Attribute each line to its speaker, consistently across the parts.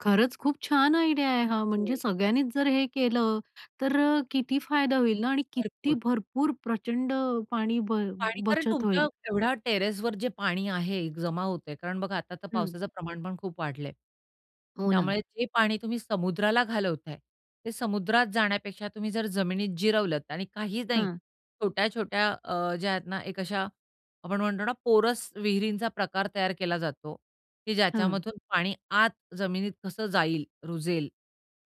Speaker 1: खरंच खूप छान आयडिया आहे. हां, म्हणजे
Speaker 2: हं.
Speaker 1: सगळ्यांनीच जर हे केलं, तर अ, किती फायदा होईल ना आणि किती
Speaker 2: भरपूर.
Speaker 1: भरपूर प्रचंड अ, पाणी ब
Speaker 2: पाणी कारण
Speaker 1: बचत
Speaker 2: तुमच्या
Speaker 1: होईल.
Speaker 2: एवढ्या टेरेसवर जे पाणी आहे, जमा होतं आहे. कारण बघा, आता तर
Speaker 1: हं.
Speaker 2: पावसाचं प्रमाण पण खूप वाढलं आहे.
Speaker 1: हो ना.
Speaker 2: त्यामुळे जे पाणी तुम्ही समुद्राला घालवत आहे, ते समुद्रात जाण्यापेक्षा तुम्ही जर जमिनीत जिरवलत आणि काहीच नाही,
Speaker 1: हां.
Speaker 2: छोट्या-छोट्या अ, ज्या आहेत ना, एक अशा आपण म्हणतो ना पोरस विहिरींचा प्रकार तयार केला जातो की
Speaker 1: हं.
Speaker 2: ज्याच्यामधून पाणी आत जमिनीत कसं जाईल, रुजेल,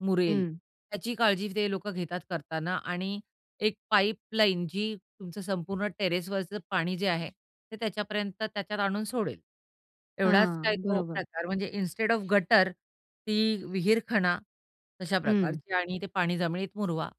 Speaker 2: मुरेल,
Speaker 1: हं.
Speaker 2: त्याची काळजी ते लोकं घेतात करताना. आणि एक पाईपलाईन जी तुमचं संपूर्ण टेरेसवरचं पाणी जे आहे, ते त्याच्यापर्यंत त्याच्यात आणून सोडेल, एवढाच
Speaker 1: हां.
Speaker 2: काय तो
Speaker 1: बरोबर.
Speaker 2: प्रकार म्हणजे इन्स्टेड ऑफ गटर, ती विहीरखणा, अशा
Speaker 1: हं.
Speaker 2: प्रकारची आणि ते पाणी जमिनीत मुरवा.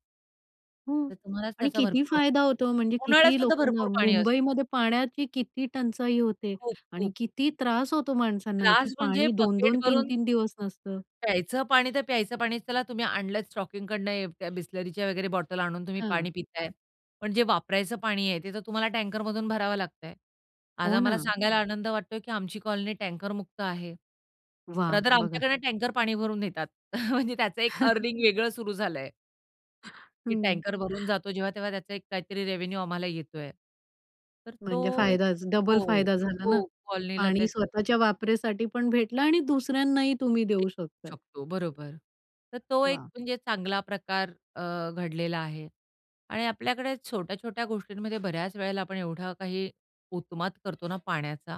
Speaker 1: हं.
Speaker 2: तर तुम्हालाच
Speaker 1: आणि
Speaker 2: त्याचा
Speaker 1: किती
Speaker 2: भरपूर
Speaker 1: फायदा
Speaker 2: वापर,
Speaker 1: होतो, म्हणजे किती
Speaker 2: उन्हाळ्यातसुद्धा
Speaker 1: लोकांना
Speaker 2: भरपूर पाणी असतं.
Speaker 1: मुंबईमध्ये पाण्याची किती टंचाई होते? आणि
Speaker 2: खूप-खूप.
Speaker 1: किती त्रास होतो? माणसांना की
Speaker 2: त्रास म्हणजे
Speaker 1: पाणी दोन
Speaker 2: बकेट
Speaker 1: दोन, तीन
Speaker 2: भरून.
Speaker 1: तीन दिवस नसतं.
Speaker 2: प्यायचं पाणी तर प्यायचं पाणीच. त्याला तुम्ही आणलत स्टॉकिंगकडनं अ, त्या बिसलरीच्या वगैरे बॉटल आणून तुम्ही पाणी
Speaker 1: हं.
Speaker 2: पित आहे, पण जे वापरायचं पाणी आहे, ते तर तुम्हाला टँकरमधून भरावं लागतं आहे. आज
Speaker 1: हो
Speaker 2: आम्हाला
Speaker 1: ना.
Speaker 2: सांगायला आनंद वाटतो आहे की आमची कॉलनी टँकर मुक्त आहे.
Speaker 1: वाह!
Speaker 2: रादर
Speaker 1: बघा.
Speaker 2: आमच्याकडून टँकर पाणी भरून नेतात, म्हणजे त्याचं एक अर्निंग वेगळं सुरु झालं आहे. की
Speaker 1: हं.
Speaker 2: टँकर भरून जातो. जेव्हा-तेव्हा त्याचा काहीतरी रेव्हेन्यू आम्हाला येतो आहे. तर
Speaker 1: म्हणजे
Speaker 2: तो एक
Speaker 1: फायदाच डबल
Speaker 2: हो,
Speaker 1: फायदा झाला ना.
Speaker 2: हो. कॉलनीला
Speaker 1: पाणी
Speaker 2: त्याच्या
Speaker 1: स्वतःच्या वापरासाठी पण भेटलं आणि दुसऱ्यांनाही तुम्ही
Speaker 2: देऊ
Speaker 1: देऊ शकता.
Speaker 2: शकतो, बरोबर. तर तो एक
Speaker 1: वाह!
Speaker 2: म्हणजे चांगला प्रकार अ, घडलेला आहे आणि आपल्याकडे छोट्या-छोट्या गोष्टींमध्ये बऱ्याच वेळेला आपण एवढा काही उत्माद करतो ना, पाण्याचा.